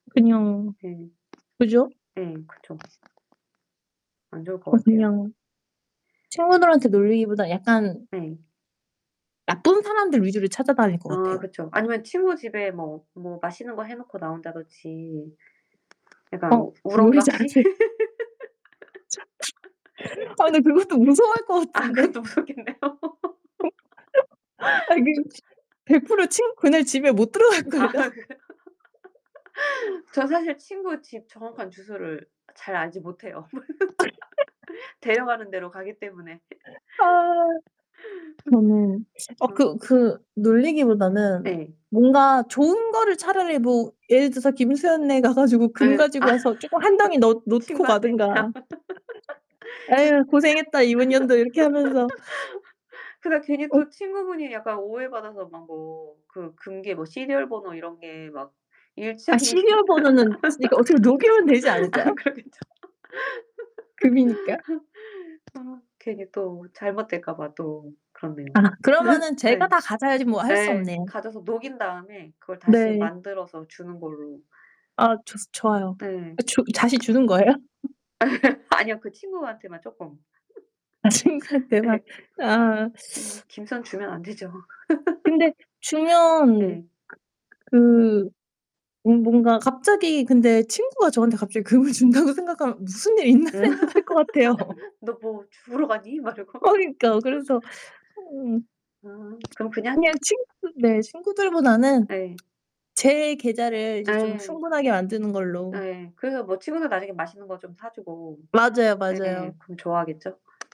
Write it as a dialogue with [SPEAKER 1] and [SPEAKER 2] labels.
[SPEAKER 1] 그냥
[SPEAKER 2] 네.
[SPEAKER 1] 그죠?
[SPEAKER 2] 예. 그쵸. 안 좋을 것
[SPEAKER 1] 어
[SPEAKER 2] 같아요.
[SPEAKER 1] 그냥 친구들한테 놀리기보다 약간
[SPEAKER 2] 네.
[SPEAKER 1] 나쁜 사람들 위주로 찾아다닐 것
[SPEAKER 2] 아
[SPEAKER 1] 같아요.
[SPEAKER 2] 그쵸. 아니면 친구 집에 뭐 뭐 맛있는 거 해 놓고 나온다든지 약간
[SPEAKER 1] 어
[SPEAKER 2] 우
[SPEAKER 1] 요리 잘
[SPEAKER 2] 우렁각시?
[SPEAKER 1] 하세요? [unintelligible] 아 근데 그것도 무서워할 것
[SPEAKER 2] 아
[SPEAKER 1] 같은데.
[SPEAKER 2] 그것도 무섭겠네요.
[SPEAKER 1] 아니 그 치 100% 친 그날 집에 못 들어갈
[SPEAKER 2] 아
[SPEAKER 1] 걸요.
[SPEAKER 2] 그래. 저 사실 친구 집 정확한 주소를 잘 알지 못해요. 데려가는 데로 가기 때문에.
[SPEAKER 1] 아. 음. 아
[SPEAKER 2] 어.
[SPEAKER 1] 그 그 놀리기 보다는
[SPEAKER 2] 예.
[SPEAKER 1] 뭔가 좋은 거를 차라리 뭐 예를 들어서 김수현네 가 가지고 금
[SPEAKER 2] 네. 아
[SPEAKER 1] 가지고 와서 쪼금 1 덩이 넣 놓고
[SPEAKER 2] 친구한테.
[SPEAKER 1] 가든가.
[SPEAKER 2] 긋
[SPEAKER 1] '아유 고생했다. 이번년도.' 이렇게 하면서.
[SPEAKER 2] 그러다 괜히
[SPEAKER 1] 어
[SPEAKER 2] 또 친구분이 약간 오해받아서 막 뭐 그 금괴 뭐 시리얼 번호 이런 게 막
[SPEAKER 1] 아
[SPEAKER 2] 일치하는 게
[SPEAKER 1] 시리얼 번호는 그러니까 어떻게 녹이면 되지
[SPEAKER 2] 아
[SPEAKER 1] 않을까요?
[SPEAKER 2] 그러겠죠.
[SPEAKER 1] 금이니까.
[SPEAKER 2] 아 괜히 또 잘못 될까 봐 또
[SPEAKER 1] 아
[SPEAKER 2] 그렇네요.
[SPEAKER 1] 그러면은 제가
[SPEAKER 2] 예.
[SPEAKER 1] 다 가져야지 뭐 할 수
[SPEAKER 2] 예.
[SPEAKER 1] 없네요.
[SPEAKER 2] 가져서 녹인 다음에 그걸 다시
[SPEAKER 1] 네.
[SPEAKER 2] 만들어서 주는 걸로.
[SPEAKER 1] 아 좋스 좋아요.
[SPEAKER 2] 네.
[SPEAKER 1] 아 줘 다시 주는 거예요?
[SPEAKER 2] 아니요. 그 친구한테만 쪼끔.
[SPEAKER 1] 아 친구한테 막
[SPEAKER 2] 예.
[SPEAKER 1] 아.
[SPEAKER 2] 김 김수현 주면 안 되죠.
[SPEAKER 1] 근데 주면
[SPEAKER 2] 예.
[SPEAKER 1] 그 그 뭔 뭔가 갑자기 근데 친구가 저한테 갑자기 금을 준다고 생각하면 '무슨 일 있나?'
[SPEAKER 2] 응.
[SPEAKER 1] 생각할 것 같아요.
[SPEAKER 2] "너 뭐 죽으러 가니?" 막 이러고.
[SPEAKER 1] 어 그러니까 그래서 어.
[SPEAKER 2] 아 그럼 그냥
[SPEAKER 1] 그냥 친구 네. 친구들보다는
[SPEAKER 2] 예.
[SPEAKER 1] 제 계좌를 이제 좀
[SPEAKER 2] 예.
[SPEAKER 1] 충분하게 만드는 걸로.
[SPEAKER 2] 예. 그래서 뭐 친구는 나중에 맛있는 거 좀 사 주고
[SPEAKER 1] 맞아요,
[SPEAKER 2] 예 예.
[SPEAKER 1] 맞아요.
[SPEAKER 2] 그럼 좋아하겠죠.